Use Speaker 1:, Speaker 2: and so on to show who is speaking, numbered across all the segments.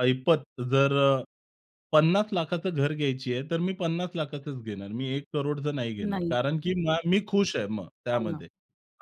Speaker 1: ऐपत जर अ, 50,00,000चं घर घ्यायची आहे, तर मी 50,00,000चं च घेणार. मी 1 करोडचं नाही घेणार
Speaker 2: नाही
Speaker 1: कारण की
Speaker 2: हां.
Speaker 1: मा मी खुश आहे मग
Speaker 2: हो ना.
Speaker 1: त्यामध्ये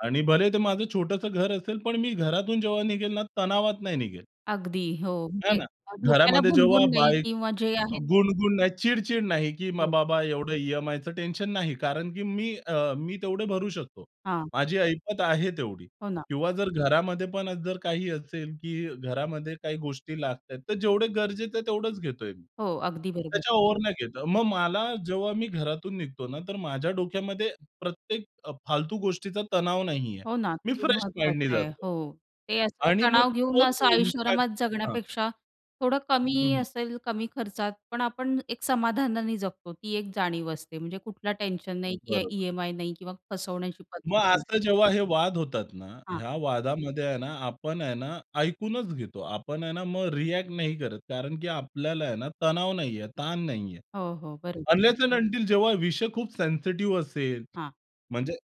Speaker 1: आणि भले ते माझं छोटंसं घर असेल, पण मी घरातून जेव्हा निघेल ना तणावात नाही निघेल.
Speaker 2: अगदी हो,
Speaker 1: हे
Speaker 2: म्हणजे
Speaker 1: ना?
Speaker 2: अ, डोक्याला
Speaker 1: घरामध्ये जेव्हा
Speaker 2: भुणभुण नाही
Speaker 1: बाईक
Speaker 2: किंवा जे
Speaker 1: अ,
Speaker 2: आहे
Speaker 1: गुण-गुण नाही, चिड-चिड नाही की मग
Speaker 2: हो.
Speaker 1: बाबा एवढं ई-एम-आयचं टेन्शन नाही कारण की मी अ, मी तेवढे भरू शकतो.
Speaker 2: हां.
Speaker 1: माझी ऐपत आहे तेवढी
Speaker 2: हो ना.
Speaker 1: किंवा जर घरामध्ये पण जर काही असेल की घरामध्ये काही गोष्टी लागतायेत, तर जेवढे गरजेचं आहे तेवढेच घेतोय मी.
Speaker 2: हो, अगदी बरोबर.
Speaker 1: त्याच्या ओव्हर नाही घेतं. मग मला जेव्हा मी घरातून निघतो ना तर माझ्या डोक्यामध्ये प्रत्येक अ, फालतू गोष्टीचा तणाव नाहीये.
Speaker 2: हो ना,
Speaker 1: मी
Speaker 2: ते
Speaker 1: फ्रेश माइंडने
Speaker 2: महत्वाचं आहे.
Speaker 1: जातो
Speaker 2: हो, ते असं
Speaker 1: आणि मग
Speaker 2: तणाव घेऊन
Speaker 1: तोच
Speaker 2: असं
Speaker 1: इंपॅक्ट
Speaker 2: ऐषोआरामात
Speaker 1: हां.
Speaker 2: जगण्यापेक्षा थोडं
Speaker 1: हं,
Speaker 2: कमी
Speaker 1: हं.
Speaker 2: असेल, कमी खर्चात पण आपण एक समाधानाने जगतो. ती एक जाणीव असते म्हणजे कुठल टेन्शन नाही की
Speaker 1: बरोबर.
Speaker 2: ई-एम-आय नाही किंवा फसवण्याची
Speaker 1: मग
Speaker 2: पद्धत नाही.
Speaker 1: असं जेव्हा हे वाद होतात ना,
Speaker 2: हां.
Speaker 1: ह्या वादामध्ये आहे ना आपण आहे ना ऐकूनच घेतो. आपण आहे ना मग रिअ‍ॅक्ट नाही करत कारण की आपल्याला आहे ना तणाव नाहीये, ताण नाहीये.
Speaker 2: हो, हो, बरं.
Speaker 1: अनलेस अँड अंटील जेव्हा विषय खूप सेन्सिटिव्ह असेल,
Speaker 2: हां.
Speaker 1: म्हणजे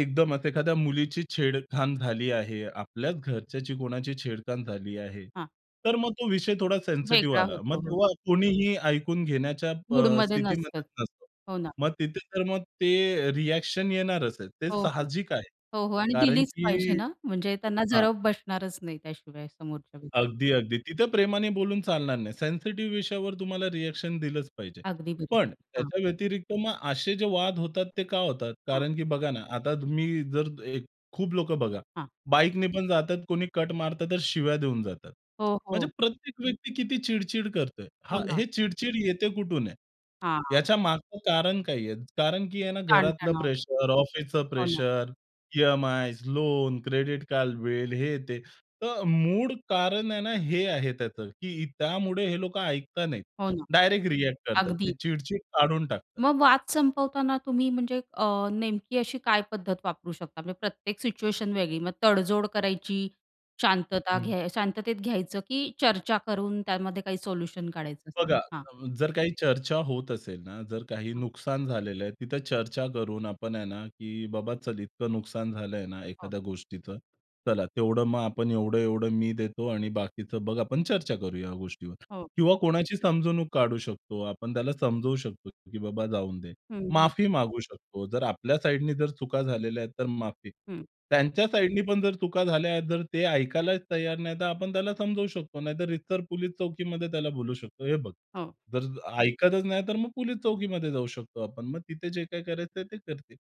Speaker 1: एकदमच एखाद्या मुलीची छेडखान झाली आहे. आपल्याच घरच्याची कोणाची छेडखान झाली आहे.
Speaker 2: हां.
Speaker 1: तर मग तो विषय थोडा सेन्सिटिव्ह
Speaker 2: वेगळा
Speaker 1: आला. मग
Speaker 2: होतो. हो.
Speaker 1: तेव्हा कोणीही ऐकून घेण्याच्या अ,
Speaker 2: मूडमध्ये नसतात.
Speaker 1: स्थितीमध्येच नसतो.
Speaker 2: हो ना.
Speaker 1: मग तिथे तर मग ते रिअ‍ॅक्शन येणारच आहे. ते
Speaker 2: हो, हो,
Speaker 1: साहजिक आहे
Speaker 2: हो, हो आणि
Speaker 1: कारण
Speaker 2: दिलीच
Speaker 1: की
Speaker 2: पाहिजे ना म्हणजे त्यांना
Speaker 1: हां.
Speaker 2: जरब बसणारच नाही त्याशिवाय समोरच्या व्यक्ती.
Speaker 1: अगदी, अगदी. तिथं प्रेमाने बोलून चालणार नाही. सेन्सिटिव्ह विषयावर तुम्हाला रिअ‍ॅक्शन दिलंच पाहिजे.
Speaker 2: अगदी
Speaker 1: पण,
Speaker 2: बरोबर. हां.
Speaker 1: त्याच्या व्यतिरिक्त मग असे जे वाद होतात ते का होतात
Speaker 2: हां.
Speaker 1: कारण की बघा ना आता मी जर एक खूप लोकं बघा
Speaker 2: हां.
Speaker 1: बाईकने पण जातात, कोणी कट मारतं तर शिव्या देऊन जातात.
Speaker 2: हो,
Speaker 1: म्हणजे
Speaker 2: हो.
Speaker 1: प्रत्येक व्यक्ती किती चिड-चिड करतोय हां,
Speaker 2: हो ना.
Speaker 1: हे चिड-चिड येते कुठून आहे?
Speaker 2: हां, हां.
Speaker 1: याच्या मागचं कारण काय आहे? कारण की आहे ना घरातलं
Speaker 2: ताण-तणाव.
Speaker 1: प्रेशर, ऑफिसचं
Speaker 2: हो ना.
Speaker 1: Pressure, EMIs, loan, credit card bill हे ते. तर मूळ कारण आहे ना हे आहे त्याचं, की त्यामुळे हे लोकं ऐकत नाहीत.
Speaker 2: हो ना.
Speaker 1: डायरेक्ट रिअ‍ॅक्ट करतात.
Speaker 2: अगदी.
Speaker 1: ते चिड-चिड काढून टाकतात.
Speaker 2: मग वाद संपवताना तुम्ही म्हणजे अ, नेमकी अशी काय पद्धत वापरू शकता, म्हणजे प्रत्येक सिच्युएशन वेगळी मग तडजोड करायची, शांतता
Speaker 1: हं.
Speaker 2: घ्याय शांततेत घ्यायचं की चर्चा करून त्यामध्ये काही सोल्युशन काढायचं?
Speaker 1: बघा,
Speaker 2: हां.
Speaker 1: अ, जर काही चर्चा होत असेल ना, जर काही
Speaker 2: हां.
Speaker 1: नुकसान झालेलं आहे. तिथं चर्चा करून आपण आहे ना की बाबा चल इतकं नुकसान झालंय ना,
Speaker 2: हो.
Speaker 1: एखाद्या गोष्टीचं, चला तेवढं मग आपण एवढं-एवढं मी देतो आणि बाकीचं बघा आपण चर्चा करूया या गोष्टीवर
Speaker 2: हो.
Speaker 1: किंवा कोणाची समजवणूक काढू शकतो आपण. त्याला समजू शकतो की बाबा जाऊ दे.
Speaker 2: हं, हं.
Speaker 1: माफी मागू शकतो. जर आपल्या साइडनी जर चुका झालेल्या आहेत तर माफी.
Speaker 2: हं.
Speaker 1: त्यांच्या साइडनी पण जर चुका झाल्या आहेत, तर ते ऐकायलाच तयार नाही. तर आपण त्याला समजू शकतो, नाहीतर रीतसर पुलिस चौकीमध्ये त्याला बोलू शकतो, "हे बघ".
Speaker 2: हो.
Speaker 1: जर ऐकतच नाही, तर मग पोलिस चौकीमध्ये जाऊ शकतो आपण. मग तिथे जे काही करायचंय ते करतील.